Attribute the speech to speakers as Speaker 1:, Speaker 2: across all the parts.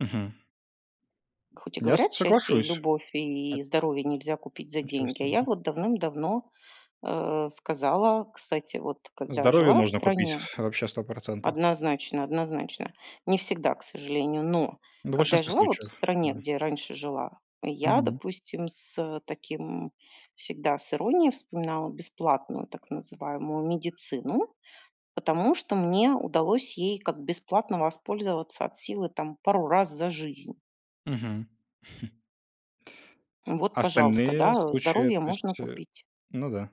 Speaker 1: Мгм.
Speaker 2: Хоть и
Speaker 1: Я с
Speaker 2: говорят, счастье, и
Speaker 1: соглашусь.
Speaker 2: любовь,
Speaker 1: От
Speaker 2: и здоровье нельзя купить за деньги. А
Speaker 1: Отчасти
Speaker 2: я
Speaker 1: да.
Speaker 2: вот давным-давно, э, сказала, кстати, вот когда
Speaker 1: Здоровье
Speaker 2: жила в
Speaker 1: можно купить
Speaker 2: стране.
Speaker 1: вообще 100 %.
Speaker 2: Однозначно, однозначно. Не всегда, к сожалению. Но
Speaker 1: Да, в
Speaker 2: когда я
Speaker 1: большинстве
Speaker 2: жила вот в
Speaker 1: случаев.
Speaker 2: стране,
Speaker 1: Да.
Speaker 2: где раньше жила, я,
Speaker 1: Мгм.
Speaker 2: допустим, с таким всегда с иронией вспоминала бесплатную так называемую медицину. Потому что мне удалось ей как бесплатно воспользоваться от силы там пару раз за жизнь.
Speaker 1: Мгм.
Speaker 2: Ну вот,
Speaker 1: А
Speaker 2: пожалуйста,
Speaker 1: остальные
Speaker 2: да,
Speaker 1: случаи, э,
Speaker 2: здоровье
Speaker 1: то
Speaker 2: можно
Speaker 1: есть, э,
Speaker 2: купить.
Speaker 1: ну да.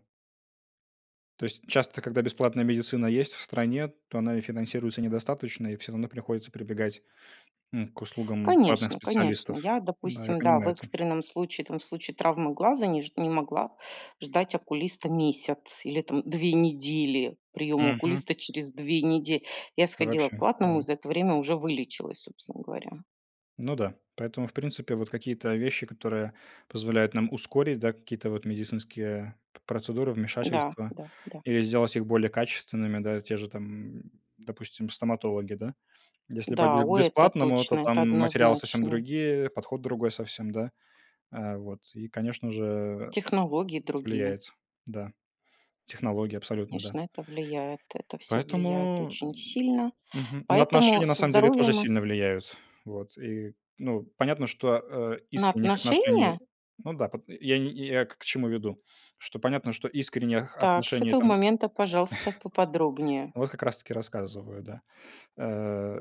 Speaker 1: То есть часто, когда бесплатная медицина есть в стране, то она и финансируется недостаточно, и всё равно приходится прибегать н к услугам платных
Speaker 2: Конечно, конечно.
Speaker 1: специалистов.
Speaker 2: Я,
Speaker 1: Да, я
Speaker 2: допустим, да, в
Speaker 1: понимаю это.
Speaker 2: экстренном случае, там, в случае травмы глаза, не ж не могла ждать окулиста месяц или там 2 недели. Приём
Speaker 1: Мгм.
Speaker 2: окулиста через 2 неде Я
Speaker 1: Да,
Speaker 2: сходила к
Speaker 1: вообще, да.
Speaker 2: платному и за это время уже вылечилась, собственно говоря.
Speaker 1: Ну да, поэтому, в принципе, вот какие-то вещи, которые позволяют нам ускорить, да, какие-то вот медицинские, э, п процедуры,
Speaker 2: Да,
Speaker 1: вмешательства
Speaker 2: да, да.
Speaker 1: или сделать их более качественными, да. Те же там, допустим, стоматологи, да. Если
Speaker 2: Да,
Speaker 1: пойдёшь к
Speaker 2: ой, это
Speaker 1: бесплатному, да, то
Speaker 2: точно. Это
Speaker 1: там материалы совсем
Speaker 2: однозначно.
Speaker 1: другие, подход другой совсем, да. Э, вот и, конечно же, это
Speaker 2: Технологии другие.
Speaker 1: влияет, да. Технологии абсолютно, да.
Speaker 2: Конечно, это влияет. Это всё влияет
Speaker 1: Поэтому,
Speaker 2: очень сильно.
Speaker 1: мгм, ну,
Speaker 2: Поэтому
Speaker 1: отношения на
Speaker 2: со
Speaker 1: самом деле тоже
Speaker 2: здоровьем, э
Speaker 1: сильно влияют, вот. Ну и понятно, что, а,
Speaker 2: На
Speaker 1: искренних отношений,
Speaker 2: отношения?
Speaker 1: ну да, пот я не я я к к чему веду, что понятно, что искренних
Speaker 2: Так, с
Speaker 1: отношений
Speaker 2: этого
Speaker 1: там
Speaker 2: момента, пожалуйста, поподробнее.
Speaker 1: Вот как раз таки рассказываю, да. Э,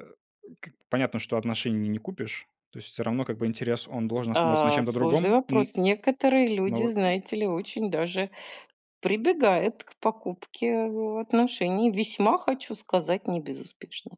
Speaker 1: как понятно, что отношений не не купишь. То есть всё равно, как бы, интерес он должен основываться на
Speaker 2: А,
Speaker 1: чём-то
Speaker 2: сложный
Speaker 1: другом, м,
Speaker 2: вопрос. Некоторые
Speaker 1: но
Speaker 2: люди,
Speaker 1: вот
Speaker 2: знаете ли, очень даже прибегают к покупке отношений. Весьма, хочу сказать, не безуспешно.